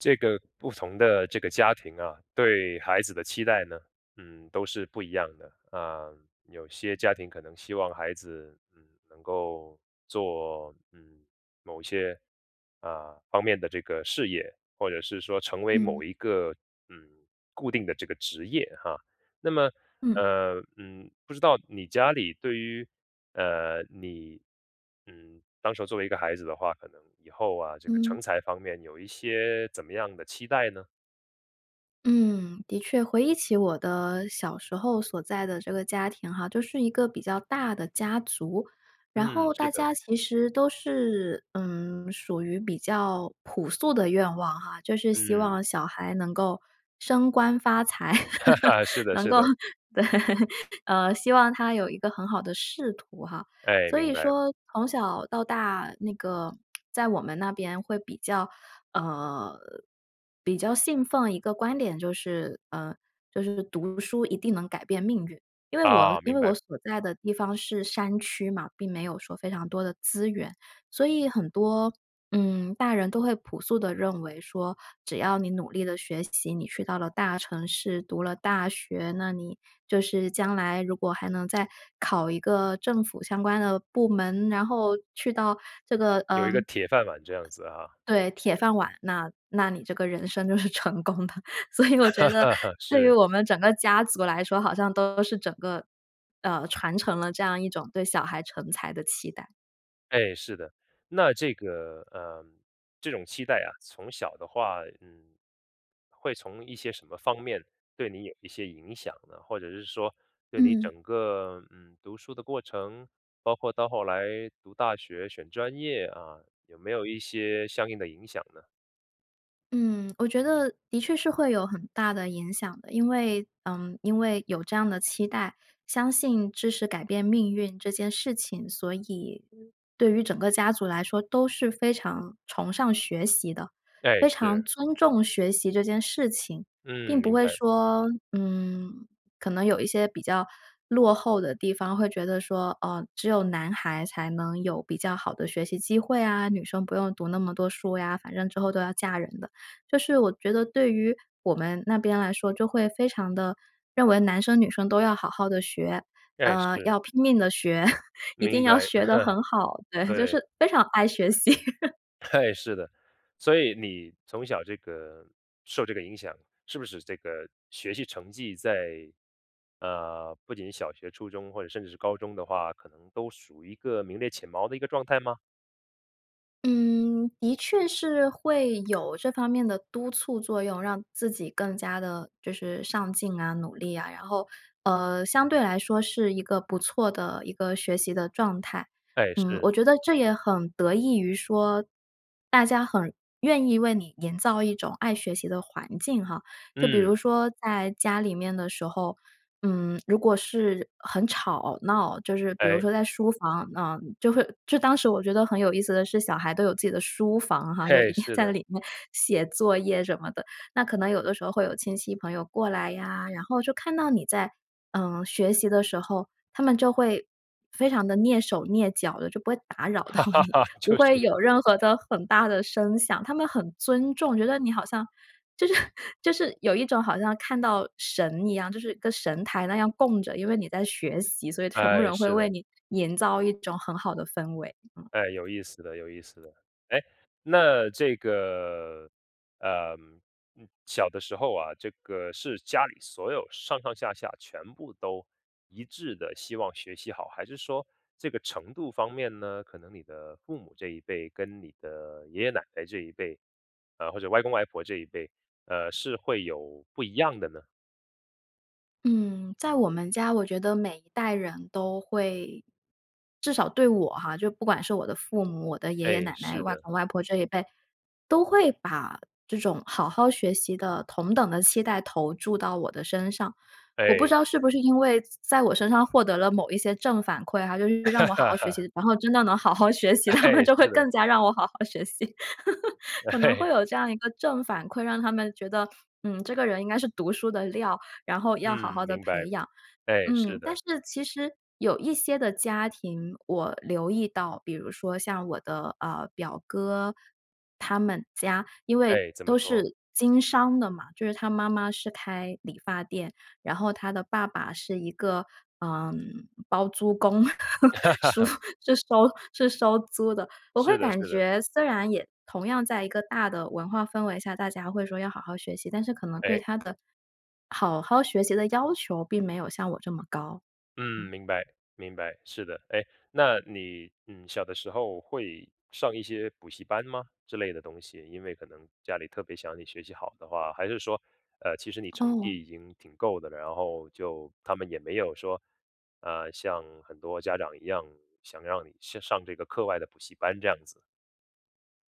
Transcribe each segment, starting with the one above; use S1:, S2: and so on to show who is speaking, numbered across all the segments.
S1: 这个不同的这个家庭啊，对孩子的期待呢，嗯，都是不一样的。呃，有些家庭可能希望孩子，嗯，能够做嗯，某些，呃，方面的这个事业或者是说成为
S2: 嗯。
S1: 某一个嗯，固定的这个职业哈。那么
S2: 嗯。
S1: 呃，嗯，不知道你家里对于呃，你，嗯，当时候作为一个孩子的话，可能以后啊，这个
S2: 嗯。
S1: 成才方面有一些怎么样的期待呢？
S2: 嗯，的确，回忆起我的小时候所在的这个家庭哈，就是一个比较大的家族，然
S1: 嗯，
S2: 后
S1: 是
S2: 大
S1: 的。
S2: 家其实都是嗯，属于比较朴素的愿望哈，就是希
S1: 嗯。
S2: 望小孩能够升官发财，
S1: 是的，
S2: 能
S1: 是
S2: 够
S1: 的。
S2: 对，呃，希望他有一个很好的仕途哈。
S1: 哎，
S2: 所
S1: 明
S2: 以
S1: 白。
S2: 说从小到大，那个在我们那边会比较呃，比较信奉一个观点就是呃，就是读书一定能改变命运，因为我
S1: 哦，
S2: 因
S1: 明
S2: 为我
S1: 白。
S2: 所在的地方是山区嘛，并没有说非常多的资源，所以很多，嗯，大人都会朴素地认为说，只要你努力了学习，你去到了大城市，读了大学，那你就是将来如果还能再考一个政府相关的部门，然后去到这个
S1: 有
S2: 呃
S1: 一个铁饭碗这样子哈。
S2: 对，铁饭碗，那那你这个人生就是成功的，所以我觉得 对于
S1: 是。
S2: 我们整个家族来说，好像都是整个，呃，传承了这样一种对小孩成才的期待。
S1: 哎，是的，那这个呃，这种期待啊，从小的话，嗯，会从一些什么方面对你有一些影响呢？或者是说对你
S2: 嗯。
S1: 整个，嗯，读书的过程，包括到后来读大学，选专业啊，有没有一些相应的影响呢？
S2: 嗯，我觉得的确是会有很大的影响的，因为嗯，因为有这样的期待，相信知识改变命运这件事情，所以对于整个家族来说都是非常崇尚学习的，
S1: 哎，
S2: 非常
S1: 是。
S2: 尊重学习这件事情。
S1: 嗯，
S2: 并不
S1: 明
S2: 会
S1: 白。
S2: 说，嗯，可能有一些比较落后的地方会觉得说，哦，只有男孩才能有比较好的学习机会啊，女生不用读那么多书呀，反正之后都要嫁人的。就是我觉得对于我们那边来说，就会非常地认为男生女生都要好好地学，
S1: 哎，
S2: 呃，
S1: 是。
S2: 要拼命地学，一
S1: 明
S2: 定要
S1: 白，
S2: 学得很好，对，就是
S1: 对。
S2: 非常爱学习。
S1: 哎是的，所以你从小这个受这个影响，是不是这个学习成绩在呃，不仅是小学、初中，或者甚至是高中的话，可能都属于一个名列前茅的一个状态吗？
S2: 嗯，的确是会有这方面的督促作用，让自己更加地就是上进啊、努力啊、然后，呃，相对来说是一个不错的一个学习的状态。
S1: 哎，
S2: 嗯，我
S1: 是。
S2: 觉得这也很得益于说，大家很愿意为你营造一种爱学习的环境哈。就比如
S1: 嗯。
S2: 说在家里面的时候，嗯，如果是很吵闹，就是比如
S1: 诶。
S2: 说在书房，嗯，就会就当时我觉得很有意思的是，小孩都有自己的书房哈，就一
S1: 嘿，
S2: 定
S1: 是
S2: 在那
S1: 的。
S2: 里面写作业什么的。那可能有的时候会有亲戚朋友过来呀，然后就看到你在，嗯，学习的时候，他们就会非常地蹑手蹑脚的，就不会，打扰到你，不
S1: 就
S2: 会
S1: 是。
S2: 有任何的很大的声响。他们很尊重，觉得你好像，就是就是有一种好像看到神一样，就是跟神台那样供着，因为你在学习，所以全部
S1: 哎，
S2: 人会
S1: 是
S2: 为
S1: 的。
S2: 你营造一种很好的氛围，嗯。
S1: 哎，有意思的有意思的。诶，那这个，呃，嗯小的时候啊，这个是家里所有上上下下全部都一致地希望学习好，还是说这个程度方面呢，可能你的父母这一辈，跟你的爷爷奶奶这一辈，呃，或者外公外婆这一辈，呃，是会有不一样的呢？
S2: 嗯，在我们家，我觉得每一代人都会至少对我哈，就不管是我的父母、我的爷爷
S1: 诶，
S2: 奶奶、
S1: 是
S2: 外
S1: 的。
S2: 公外婆这一辈，都会把这种好好学习的同等的期待投注到我的身上。我不知
S1: 诶。
S2: 道是不是因为在我身上获得了某一些正反馈哈，就是让我好好学 习，然后，真的能好好学习，他们
S1: 诶，
S2: 就会
S1: 是的。
S2: 更加让我好好学习，可能会
S1: 诶。
S2: 有这样一个正反馈，让他们觉得，嗯，这个人应该是读书的料，然后要好好
S1: 嗯，
S2: 地
S1: 明白。
S2: 培养。
S1: 诶，
S2: 嗯，
S1: 是
S2: 但
S1: 的。
S2: 是其实有一些的家庭，我留意到，比如说像我的，呃，表哥，他们家因为
S1: 诶，怎么
S2: 都
S1: 说？
S2: 是经商的嘛，就是他妈妈是开理发店，然后他的爸爸是一个，呃，包租公，叔 是收是收租的，我会
S1: 是的
S2: 感
S1: 是的。
S2: 觉虽然也同样在一个大的文化氛围下，大家会说要好好学习，但是可能对
S1: 诶。
S2: 他的好好学习的要求并没有像我这么高。
S1: 嗯，
S2: 嗯。
S1: 明白，明白，是的，诶，那你，嗯，小的时候会上一些补习班吗之类的东西？因为可能家里特别想你学习好的话，还是说，呃，其实你成
S2: 哦。
S1: 绩已经挺够的了，然后就他们也没有说，呃，像很多家长一样，想让你上上这个课外的补习班这样子？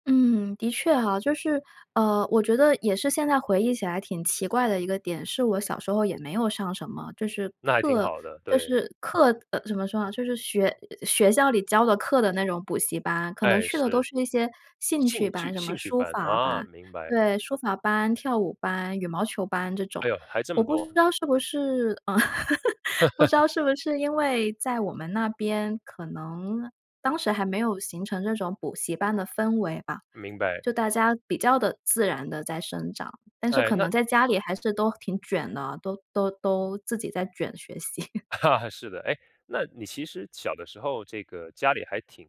S2: 嗯，的确哈，就是，呃，我觉得也是现在回忆起来挺奇怪的一个点是我小时候也没有上什么就是
S1: 那还挺
S2: 课
S1: 好的，
S2: 就
S1: 对。
S2: 是课，呃，怎么说呢？就是学，呃，学校里教的课的那种补习班。可能
S1: 诶，
S2: 去的都
S1: 是，
S2: 是那些兴趣
S1: 兴
S2: 班，
S1: 趣
S2: 什么
S1: 兴趣
S2: 书
S1: 班，
S2: 法
S1: 啊，
S2: 班
S1: 明白。
S2: 对，书法班、跳舞班、羽毛球班这种。
S1: 哎呦，还这
S2: 我
S1: 么
S2: 不
S1: 多。
S2: 知道是不是，嗯，不知 道是不是因为在我们那边，可能当时还没有形成这种补习班的氛围吧，
S1: 明白。
S2: 就大家比较地自然地在生长，但是
S1: 诶，
S2: 可
S1: 那
S2: 能在家里还是都挺卷的，都都都自己在卷学习。
S1: 啊，是的，诶，那你其实小的时候这个家里还挺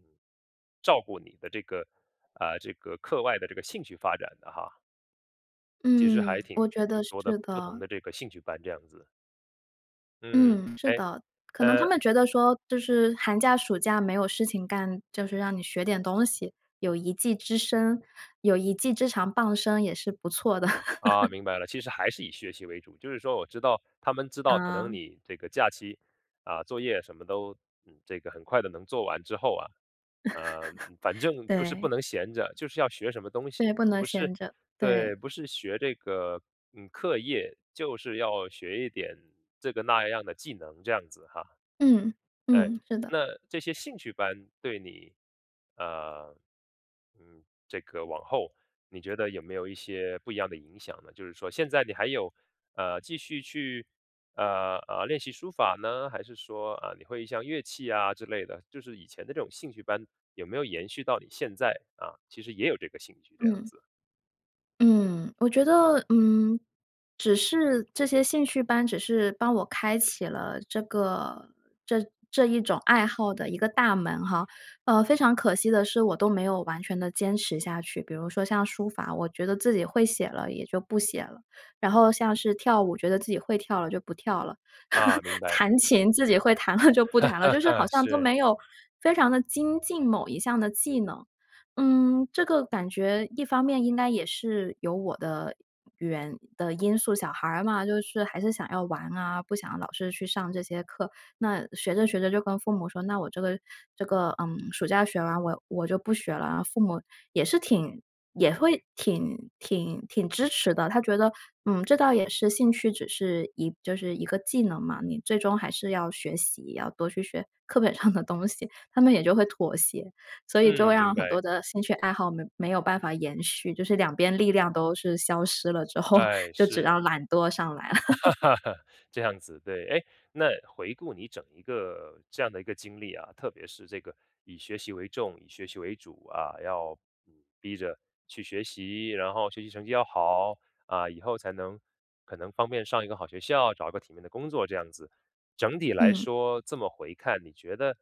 S1: 照顾你的这个啊，这个课外的这个兴趣发展的哈。其实
S2: 嗯，
S1: 还挺
S2: 我觉得
S1: 挺多的
S2: 是
S1: 不同
S2: 的。
S1: 的这个兴趣班这样子。嗯，
S2: 嗯，是
S1: 诶，
S2: 的，可能
S1: 呃
S2: 他们觉得说，就是寒假、暑假没有事情干，就是让你学点东西。有一技之身有一技之长傍身也是不错的。
S1: 啊，明白了，其实还是以学习为主，就是说我知道他们知道可能
S2: 啊。
S1: 你这个假期，啊，作业什么都，嗯，这个很快地能做完之后啊呃，嗯，反 正就是不
S2: 对。
S1: 能闲着，就是要学什么东西。
S2: 对，不能
S1: 不是
S2: 闲着，对。
S1: 对，不是学这个，嗯，课业，就是要学一点这个那样的技能，这样子哈。
S2: 嗯，
S1: 诶，
S2: 嗯，是的。
S1: 那这些兴趣班对你呃，嗯，这个往后，你觉得有没有一些不一样的影响呢？就是说现在你还有，呃，继续去，呃呃，练习书法呢，还是说，啊，你会像乐器啊之类的，就是以前的这种兴趣班有没有延续到你现在啊，其实也有这个兴趣这样
S2: 嗯。
S1: 子？
S2: 嗯，我觉得嗯，只是这些兴趣班只是帮我开启了这个这这一种爱好的一个大门哈。呃，非常可惜的是，我都没有完全地坚持下去。比如说像书法，我觉得自己会写了也就不写了。然后像是跳舞，觉得自己会跳了就不跳了。
S1: 啊，明白。
S2: 弹琴，自己会弹了就不弹了。就是好 像都
S1: 是。
S2: 没有非常地精进某一项的技能。嗯，这个感觉一方面，应该也是有我的原的因素，小孩儿嘛，就是还是想要玩啊，不想老是去上这些课。那学着学着就跟父母说，那我这个这个嗯，暑假学完我我就不学了啊。父母也是挺也会挺挺挺支持的，他觉得：“嗯，这倒也是兴趣，只是一就是一个技能嘛，你最终还是要学习，要多去学课本上的东西。”他们也就会妥协，所以就会
S1: 嗯，明
S2: 让很
S1: 白。
S2: 多的兴趣爱好没没有办法延续，就是两边力量都是消失了之后，
S1: 哎，
S2: 就只
S1: 是。
S2: 让懒惰上来了。
S1: 这样子，对。诶，那回顾你整一个这样的一个经历啊，特别是这个以学习为重、以学习为主啊，要，嗯，逼着去学习，然后学习成绩要好，啊，以后才能可能方便上一个好学校，找一个体面的工作这样子。整体来
S2: 嗯。
S1: 说，这么回看，你觉得，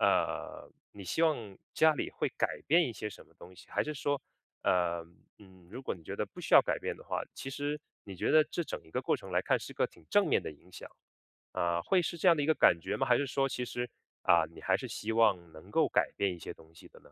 S1: 呃，你希望家里会改变一些什么东西？还是说呃，嗯，如果你觉得不需要改变的话，其实你觉得这整一个过程来看是个挺正面的影响。呃，会是这样的一个感觉吗？还是说其实啊，你还是希望能够改变一些东西的呢？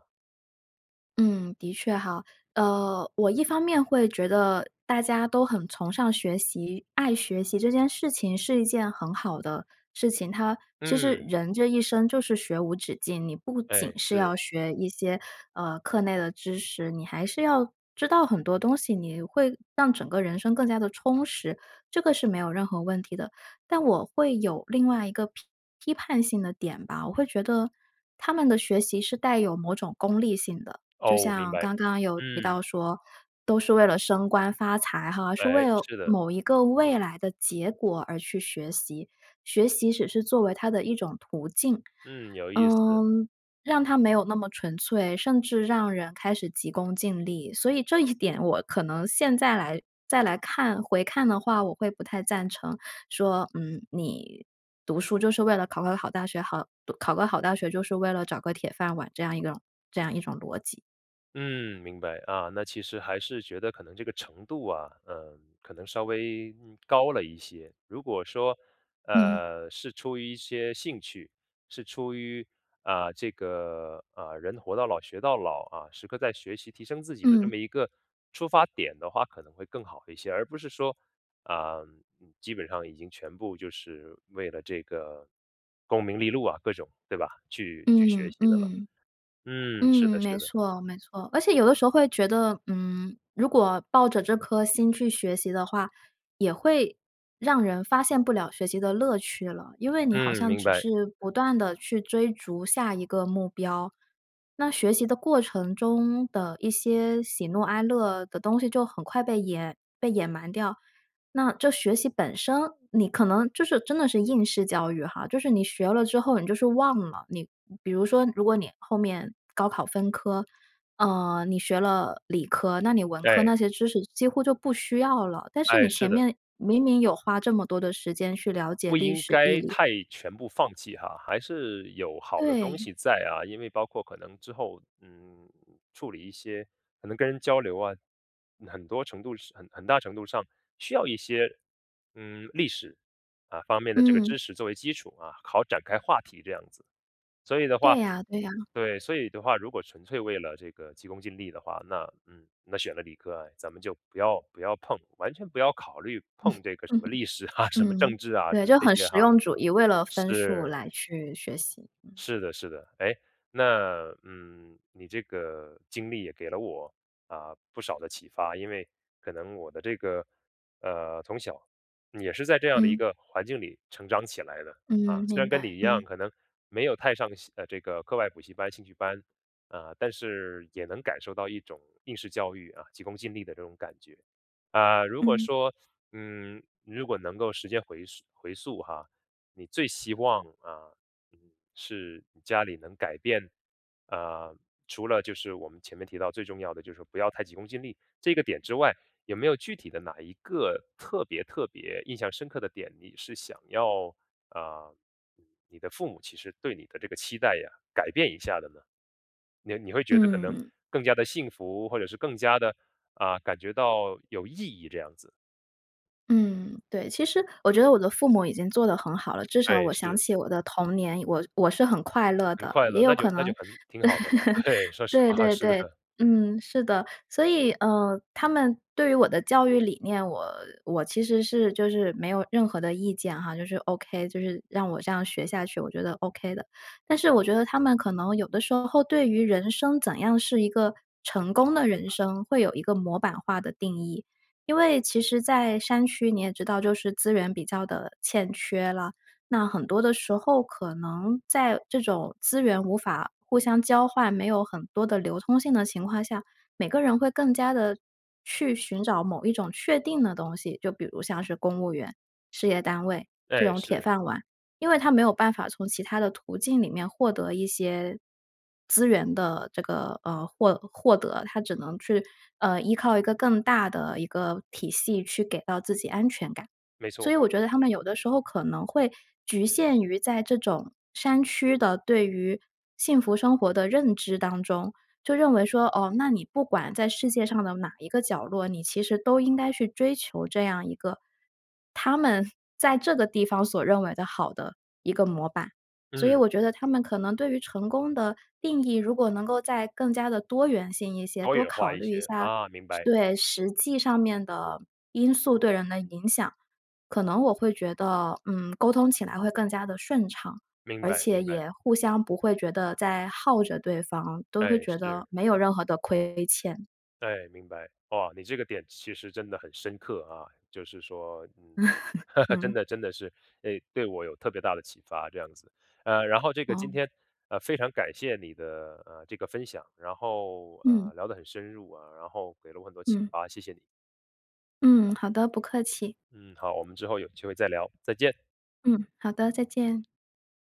S2: 嗯，的确哈，呃，我一方面会觉得大家都很崇尚学习，爱学习这件事情是一件很好的事情。它其实
S1: 嗯。
S2: 人这一生就是学无止境，你不仅
S1: 诶，
S2: 是
S1: 是。
S2: 要学一些，呃，课内的知识，你还是要知道很多东西，你会让整个人生更加地充实，这个是没有任何问题的。但我会有另外一个批批判性的点吧，我会觉得，他们的学习是带有某种功利性的。就
S1: 哦，我明
S2: 像
S1: 白。
S2: 刚刚有提
S1: 嗯。
S2: 到说，都是为了升官发财哈，是为
S1: 诶，
S2: 了
S1: 是的。
S2: 某一个未来的结果而去学习，学习只是作为它的一种途径。
S1: 嗯，有意思。
S2: 嗯，让它没有那么纯粹，甚至让人开始急功近利，所以，这一点我可能现在来再来看，回看的话，我会不太赞成说，嗯，你读书就是为了考个好大学，好读考个好大学就是为了找个铁饭碗，这样一种这样一种逻辑。
S1: 嗯，明白，啊，那其实还是觉得可能这个程度啊，嗯，可能稍微，嗯，高了一些。如果说，
S2: 嗯。
S1: 呃，是出于一些兴趣，是出于啊，这个，呃，人活到老学到老，啊，时刻在学习，提升自己的这
S2: 嗯。
S1: 么一个出发点的话可能会更好一些。而不是说，呃，基本上已经全部就是为了这个功名利禄啊各种，对吧？去去学
S2: 嗯，
S1: 习的了。
S2: 嗯。嗯，
S1: 嗯，是的是
S2: 没
S1: 的。
S2: 错，没错。而且有的时候会觉得，嗯，如果抱着这颗心去学习的话，也会让人发现不了学习的乐趣了，因为你好
S1: 嗯，
S2: 像
S1: 明
S2: 只
S1: 白。
S2: 是不断地去追逐下一个目标，那学习的过程中的一些喜怒哀乐的东西就很快被掩被掩埋掉。那这学习本身，你可能就是真的是应试教育哈，就是你学了之后，你就是忘了。你比如说如果你后面高考分科，呃，你学了理科，那你文科
S1: 哎。
S2: 那些知识几乎就不需要了，但是
S1: 哎，
S2: 你
S1: 是
S2: 前
S1: 的。
S2: 面明明有花这么多的时间去了解
S1: 不
S2: 历
S1: 应
S2: 史、地
S1: 该
S2: 理。
S1: 太全部放弃哈，还是有好的东
S2: 对。
S1: 西在啊。因为包括可能之后，嗯，处理一些可能跟人交流啊，很多程度是很很大程度上需要一些，嗯，历史，啊，方面的这个
S2: 嗯。
S1: 知识作为基础啊，好展开话题这样子。所以的话
S2: 对呀对呀。
S1: 对，所以的话，如果纯粹为了这个急功近利的话，那，嗯，那选了理科啊，咱们就不要不要碰，完全不要考虑碰
S2: 嗯。
S1: 这个什么 历史啊，什么
S2: 嗯，
S1: 政治啊，
S2: 对，就
S1: 这
S2: 很
S1: 些
S2: 实
S1: 哈。
S2: 用主义，为了分数
S1: 是。
S2: 来去学习。嗯。
S1: 是的，是的，诶，那，嗯，你这个经历也给了我，呃，不少的启发，因为可能我的这个呃，从小也是在这样的一
S2: 嗯。
S1: 个环境里成长起来的。
S2: 嗯，
S1: 啊，虽然
S2: 明
S1: 跟你
S2: 白，
S1: 一样，
S2: 嗯。
S1: 可能没有太上习呃，这个课外补习班、兴趣班，呃，但是也能感受到一种应试教育，啊，急功近利的这种感觉。呃，如果
S2: 嗯。
S1: 说嗯，如果能够时间回溯回溯哈，你最希望，啊，嗯，是你家里能改变呃，除了就是我们前面提到“最重要的就是不要太急功近利”这个点之外，有没有具体的哪一个特别特别印象深刻的点，你是想要呃，你的父母其实对你的这个期待呀，改变一下的呢？你-你会觉得可能
S2: 嗯。
S1: 更加地幸福，或者是更加地，啊，感觉到有意义这样子。
S2: 嗯，对，其实我觉得我的父母已经做得很好了，至
S1: 哎，
S2: 少我想
S1: 是。
S2: 起我的童年，我我是很快乐
S1: 很
S2: 的。
S1: 快
S2: 也
S1: 乐，
S2: 有
S1: 那
S2: 可
S1: 就那
S2: 能
S1: 就很挺好的了。对，说实
S2: 对
S1: 话，
S2: 对，对，
S1: 是
S2: 对，
S1: 的。
S2: 嗯，是的，所以，呃，他们对于我的教育理念，我我其实是就是没有任何的意见哈，就是 OK，就是让我这样学下去，我觉得 OK 的。但是我觉得他们可能有的时候对于人生怎样是一个成功的人生，会有一个模板化的定义。因为其实在山区，你也知道就是资源比较的欠缺啦，那很多的时候可能在这种资源无法互相交换，没有很多的流通性的情况下，每个人会更加地去寻找某一种确定的东西，就比如像是公务员、事业单位这
S1: 哎，
S2: 种铁
S1: 是。
S2: 饭碗。因为他没有办法从其它的途径里面获得一些资源的这个呃，获获得，他只能去，呃，依靠一个更大的一个体系去给到自己安全感。
S1: 没
S2: 所
S1: 错。
S2: 以我觉得他们有的时候可能会局限于在这种山区的对于幸福生活的认知当中，就认为说，哦，那你不管在世界上的哪一个角落，你其实都应该去追求这样一个他们在这个地方所认为的好的一个模板。所以
S1: 嗯。
S2: 我觉得他们可能对于成功的定义如果能够再更加地多元性一些，
S1: 多
S2: 多
S1: 元化
S2: 考
S1: 一
S2: 虑一
S1: 些，
S2: 下
S1: 啊，明白。
S2: 对，实际上面的因素对人的影响，可能我会觉得，嗯，沟通起来会更加地顺畅，
S1: 明
S2: 而
S1: 白，
S2: 且
S1: 明白。
S2: 也互相不会觉得在耗着对方，都会
S1: 哎，
S2: 觉得
S1: 是。
S2: 没有任何的亏欠。
S1: 哎，明白。哇，你这个点其实真的很深刻，啊，就是说，嗯，真
S2: 嗯。
S1: 的真的是，哎，对我有特别大的启发这样子。呃，然后这个今
S2: 哦。
S1: 天，呃，非常感谢你的，呃，这个分享，然后，
S2: 嗯。
S1: 呃，聊得很深入啊，然后给了我很多启
S2: 嗯。
S1: 发，谢谢你。
S2: 嗯，好的，不客气。
S1: 嗯，好，我们之后有机会再聊，再见。
S2: 嗯，好的，再见。